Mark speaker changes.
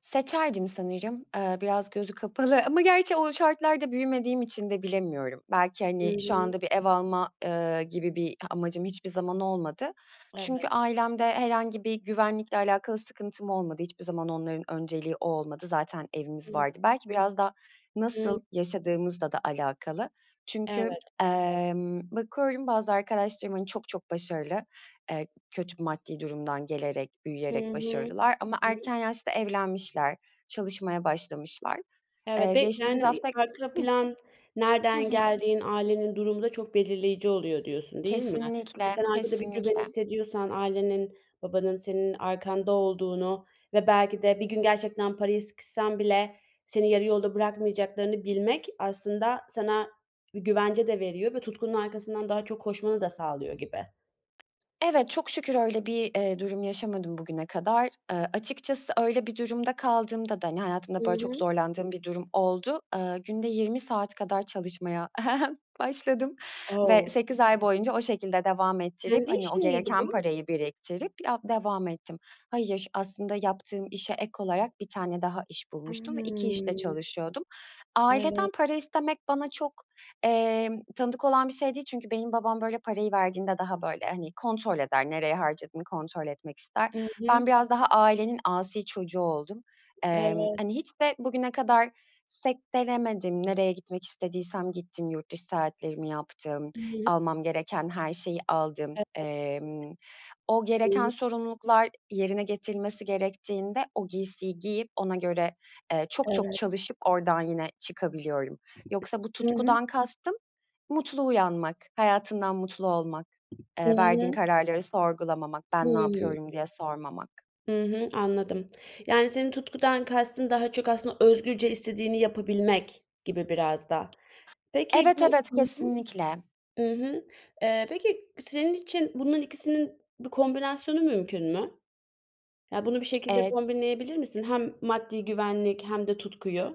Speaker 1: Seçerdim sanırım, eee, biraz gözü kapalı ama gerçi o şartlarda büyümediğim için de bilemiyorum. Belki,
Speaker 2: Hı
Speaker 1: hani, şu
Speaker 2: hı.
Speaker 1: anda bir ev alma, eee, gibi bir amacım hiçbir zaman olmadı. Çünkü
Speaker 2: Evet.
Speaker 1: ailemde herhangi bir güvenlikle alakalı sıkıntım olmadı, hiçbir zaman onların önceliği o olmadı. Zaten evimiz
Speaker 2: Hı.
Speaker 1: vardı, belki biraz da
Speaker 2: Hı.
Speaker 1: nasıl yaşadığımızla da alakalı. Çünkü,
Speaker 2: Evet.
Speaker 1: emm, bakıyorum bazı arkadaşlarım, hani, çok çok başarılı, eee, kötü maddi durumdan gelerek,
Speaker 2: Hı
Speaker 1: büyüyerek
Speaker 2: hı.
Speaker 1: başarılılar ama
Speaker 2: Hı.
Speaker 1: erken yaşta evlenmişler, çalışmaya başlamışlar. Eee,
Speaker 2: Evet be
Speaker 1: geçtiğimiz
Speaker 2: yani, iii,
Speaker 1: hafta
Speaker 2: "arka
Speaker 1: Hıh.
Speaker 2: plan,
Speaker 1: Hı
Speaker 2: nereden
Speaker 1: hı.
Speaker 2: geldiğin, ailenin durumu da çok belirleyici oluyor." diyorsun, değil mi? Hani,
Speaker 1: Kesinlikle,
Speaker 2: sen arkada bir güven
Speaker 1: kesinlikle.
Speaker 2: hissediyorsan, ailenin, babanın senin arkanda olduğunu ve belki de bir gün gerçekten paraya sıkışsan bile seni yarı yolda bırakmayacaklarını bilmek aslında sana bir güvence de veriyor ve tutkunun arkasından daha çok koşmanı da sağlıyor gibi.
Speaker 1: Evet, çok şükür öyle bir, eee, durum yaşamadım bugüne kadar. Aaa, açıkçası öyle bir durumda kaldığımda da, hani,
Speaker 2: Hı
Speaker 1: hayatımda böyle çok
Speaker 2: hı.
Speaker 1: zorlandığım bir durum oldu. Aaa, günde 20 saat kadar çalışmaya başladım ve
Speaker 2: O!
Speaker 1: 8 ay boyunca o şekilde devam ettirip,
Speaker 2: Kendi
Speaker 1: hani, o
Speaker 2: işin miydi
Speaker 1: gereken
Speaker 2: bu?
Speaker 1: parayı biriktirip ya devam ettim. Hayır, aslında yaptığım işe ek olarak 1 tane daha iş
Speaker 2: A
Speaker 1: bulmuştum ve 2 işte
Speaker 2: hımm.
Speaker 1: çalışıyordum. Aileden
Speaker 2: Evet.
Speaker 1: para istemek bana çok, eee, tanıdık olan bir şey değil çünkü benim babam, böyle, parayı verdiğinde daha, böyle, hani, kontrol eder, nereye harcadığını kontrol etmek ister.
Speaker 2: Hı
Speaker 1: Ben
Speaker 2: hı.
Speaker 1: biraz daha ailenin asi çocuğu oldum. Emm,
Speaker 2: Evet.
Speaker 1: hani, hiç de bugüne kadar sektelemedim, nereye gitmek istediysem gittim, yurt dışı seyahatlerimi yaptım,
Speaker 2: [unintelligible]
Speaker 1: almam gereken her şeyi aldım.
Speaker 2: Evet.
Speaker 1: Emm, o gereken
Speaker 2: [unintelligible]
Speaker 1: sorumluluklar, yerine getirilmesi gerektiğinde o giysiyi giyip, ona göre, eee, çok çok
Speaker 2: Evet.
Speaker 1: çalışıp oradan yine çıkabiliyorum. Yoksa bu
Speaker 2: Hı hı.
Speaker 1: tutkudan kastım; mutlu uyanmak, hayatından mutlu olmak,
Speaker 2: Hı
Speaker 1: eee, verdiğin
Speaker 2: hı.
Speaker 1: kararları sorgulamamak,
Speaker 2: Hı
Speaker 1: "ben ne
Speaker 2: hı.
Speaker 1: yapıyorum?" diye sormamak.
Speaker 2: Hı hı, anladım. Yani, senin tutkudan kastın daha çok aslında özgürce istediğini yapabilmek gibi, biraz da. Peki,
Speaker 1: Evet,
Speaker 2: bu
Speaker 1: evet.
Speaker 2: Hı hı,
Speaker 1: Kesinlikle.
Speaker 2: ı hı, eee, peki senin için bunların ikisinin bir kombinasyonu mümkün mü? Ya, bunu bir şekilde
Speaker 1: Eee
Speaker 2: kombinleyebilir misin? Hem maddi güvenlik hem de tutkuyu.